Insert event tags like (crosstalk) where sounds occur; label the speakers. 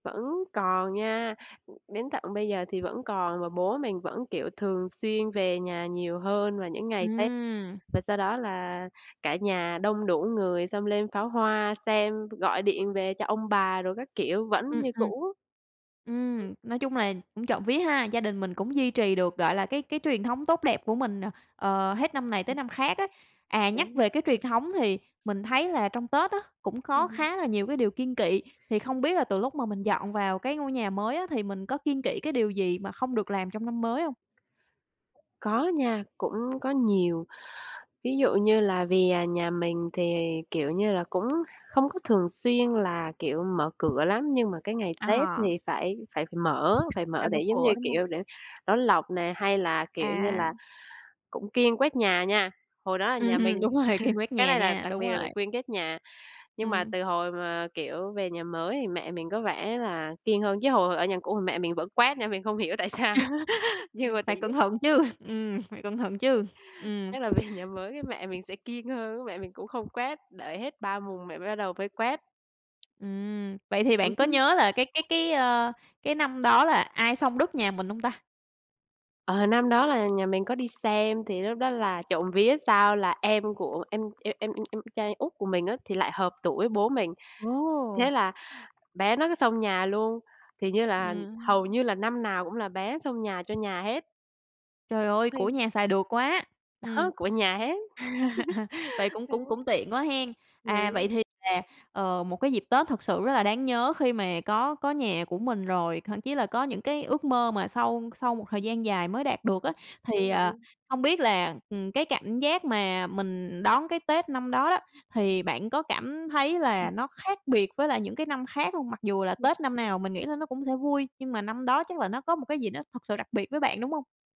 Speaker 1: Vẫn còn nha. Ừm, đến tận bây giờ thì vẫn còn, và bố mình vẫn, kiểu, thường xuyên về nhà nhiều hơn vào những ngày Tết.
Speaker 2: Ừm.
Speaker 1: Và sau đó là cả nhà đông đủ người, xong lên pháo hoa xem, gọi điện về cho ông bà đồ các kiểu, vẫn
Speaker 2: Ừm,
Speaker 1: như
Speaker 2: ừm.
Speaker 1: cũ. Ừm.
Speaker 2: Ừm, nói chung là cũng trộm vía ha. Gia đình mình cũng duy trì được, gọi là, cái cái truyền thống tốt đẹp của mình, ờ, hết năm này tới
Speaker 1: Ừm.
Speaker 2: năm khác á. À, nhắc
Speaker 1: Đấy.
Speaker 2: về cái truyền thống thì mình thấy là trong Tết á, cũng
Speaker 1: Ừm
Speaker 2: có
Speaker 1: hưm.
Speaker 2: khá là nhiều cái điều kiêng kị. Thì không biết là từ lúc mà mình
Speaker 1: Ừm.
Speaker 2: dọn vào cái ngôi nhà mới á, thì mình có kiêng kị cái điều gì mà không được làm trong năm mới hông?
Speaker 1: Có nha, cũng có nhiều. Ví dụ như là vì nhà mình thì, kiểu như là, cũng không có thường xuyên là, kiểu, mở cửa lắm, nhưng mà cái ngày Tết
Speaker 2: À.
Speaker 1: thì phải phải phải mở phải
Speaker 2: Phải
Speaker 1: mở
Speaker 2: mở
Speaker 1: để, giống như
Speaker 2: cửa, đúng hông?
Speaker 1: kiểu, để đón lộc nè, hay là, kiểu như
Speaker 2: À.
Speaker 1: là, cũng kiêng quét nhà nha. Hồi đó là nhà
Speaker 2: Ừm,
Speaker 1: mình
Speaker 2: đúng
Speaker 1: (chuckles)
Speaker 2: rồi, kiêng quét
Speaker 1: cái
Speaker 2: nhà
Speaker 1: này là
Speaker 2: nha,
Speaker 1: đặc
Speaker 2: đúng
Speaker 1: biệt là
Speaker 2: rồi.
Speaker 1: phải kiêng quét nhà. Nhưng mà
Speaker 2: Ừm.
Speaker 1: từ hồi mà, kiểu, về nhà mới thì mẹ mình có vẻ là kiêng hơn chứ, hồi hồi ở nhà cũ thì mẹ mình vẫn quét nha, mình không hiểu tại sao.
Speaker 2: (laughs)
Speaker 1: Nhưng
Speaker 2: Ừm,
Speaker 1: mà (unintelligible)
Speaker 2: phải cẩn
Speaker 1: (chuckles)
Speaker 2: thận chứ, ừm, phải cẩn thận chứ. Ừm.
Speaker 1: chắc là về nhà mới cái mẹ mình sẽ kiêng hơn á, mẹ mình cũng không quét, để hết 3 mùng mẹ mình bắt đầu mới quét.
Speaker 2: Ừm. Vậy thì
Speaker 1: Ừm
Speaker 2: bạn có
Speaker 1: hứm.
Speaker 2: nhớ là cái cái cái, ơ, cái năm đó là ai xông đất nhà mình hông ta?
Speaker 1: Ờ, năm đó là nhà mình có đi xem. Thì lúc đó là trộm vía sao là em của em em em em em trai út của mình á, thì lại hợp tuổi bố mình. Thế
Speaker 2: Ồ.
Speaker 1: là bé nó cứ xông nhà luôn, thì như là hầu
Speaker 2: Ừm.
Speaker 1: như là năm nào cũng là bé xông nhà cho nhà hết.
Speaker 2: Trời ơi,
Speaker 1: Thi
Speaker 2: của nhà xài được quá. Ừm.
Speaker 1: Đó, của nhà hết.
Speaker 2: (laughs) Vậy cũng cũng
Speaker 1: (chuckles)
Speaker 2: cũng tiện quá hén. À, vậy
Speaker 1: Ừm.
Speaker 2: thì là, ờ, một cái dịp Tết thật sự rất là đáng nhớ khi mà có có nhà của mình rồi, thậm chí là có những cái ước mơ mà sau sau một thời gian dài mới đạt được á. Thì,
Speaker 1: Đúng
Speaker 2: ờ,
Speaker 1: rồi.
Speaker 2: hông biết là, ừm, cái cảm giác mà mình đón cái Tết năm đó đó, thì bạn có cảm thấy là
Speaker 1: (unintelligible)
Speaker 2: nó khác biệt với lại những cái năm khác hông? Mặc dù là
Speaker 1: Ừm.
Speaker 2: Tết năm nào mình nghĩ là nó cũng sẽ vui, nhưng mà năm đó chắc là nó có một cái gì nó thật sự đặc biệt với bạn, đúng hông?